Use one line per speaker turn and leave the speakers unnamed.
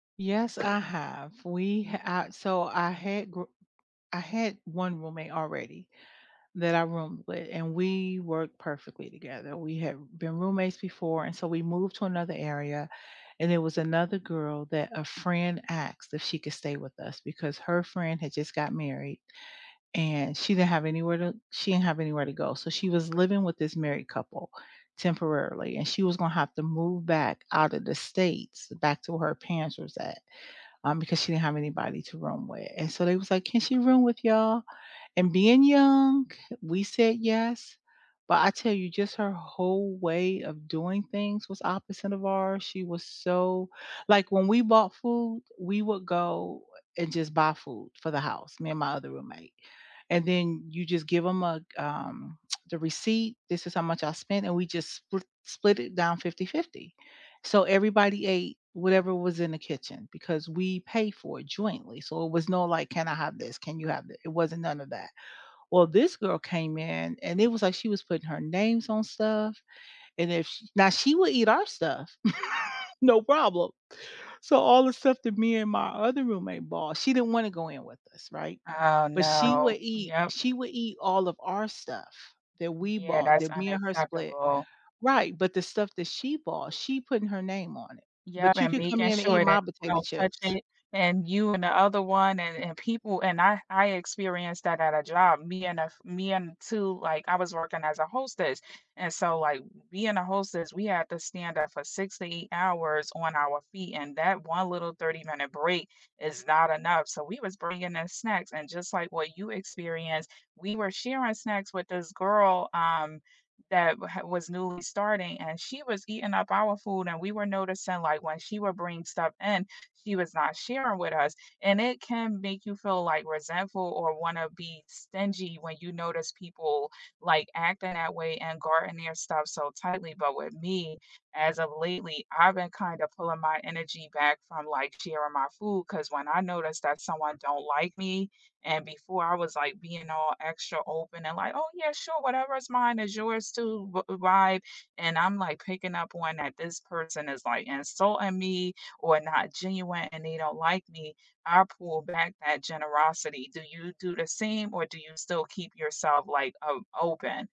Yes, I have. We uh, so I had g I had 1 roommate already that I roomed with, and we worked perfectly together. We had been roommates before, and so we moved to another area, and there was another girl that a friend asked if she could stay with us, because her friend had just got married, and she didn't have anywhere to she didn't have anywhere to go. So, she was living with this married couple temporarily, and she was gonna have to move back out of the States, back to where her parents was at, um, because she didn't have anybody to room with, and so they was, like, "Can she room with y'all?" and being young, we said, "Yes." but I tell you just her whole way of doing things was opposite of ours, she was so like, when we bought food, we would go and just buy food for the house, me and my other roommate, and then you just give 'em a, um, the receipt. This is how much I spent, and we just spl split it down 50/50. So, everybody ate whatever was in the kitchen because we pay for it jointly, so it was no, like, "Can I have this? Can you have it?" It wasn't none of that. Well this girl came in, and it was, like, she was putting her names on stuff, and if now she would eat our stuff, no problem. So, all the stuff that me and my other roommate bought, she didn't wanna go in with us, right,
Oh
but she
no,
would eat
yep.
she would eat all of our stuff that we
Yeah,
bought,
that's
that me and her split.
unacceptable.
Right, but the stuff that she bought, she putting her name on it.
Yeah,
But you
and
could come
making
in and eat
sure that
my
you
potato
don't touch
chips.
it, and you and the other one, and and people and I I experienced that at a job. Me and a f me and too, like, I was working as a hostess. And so, like, being a hostess, we had to stand up for 6 to 8 hours on our feet, and that one little thirty-minute break is not enough, so, we was bringing in snacks, and just like what you experienced, we were sharing snacks with this girl, um, that had was newly starting, and she was eating up our food and we were noticing, like, when she would bring stuff in, she was not sharing with us, and it can make you feel, like, resentful or wanna be stingy when you notice people, like, acting that way and guarding their stuff so tightly. But with me, as of lately, I've been kind of pulling my energy back from, like, sharing my food, 'cause when I noticed that someone don't like me, and before I was like being all extra open and, like, "Oh yeah, sure, whatever's mine is yours too," v vibe. And I'm, like, picking up on that this person is like insulting me, or not genuine, and they don't like me. I'll pull back that generosity. Do you do the same, or do you still keep yourself, like, o open?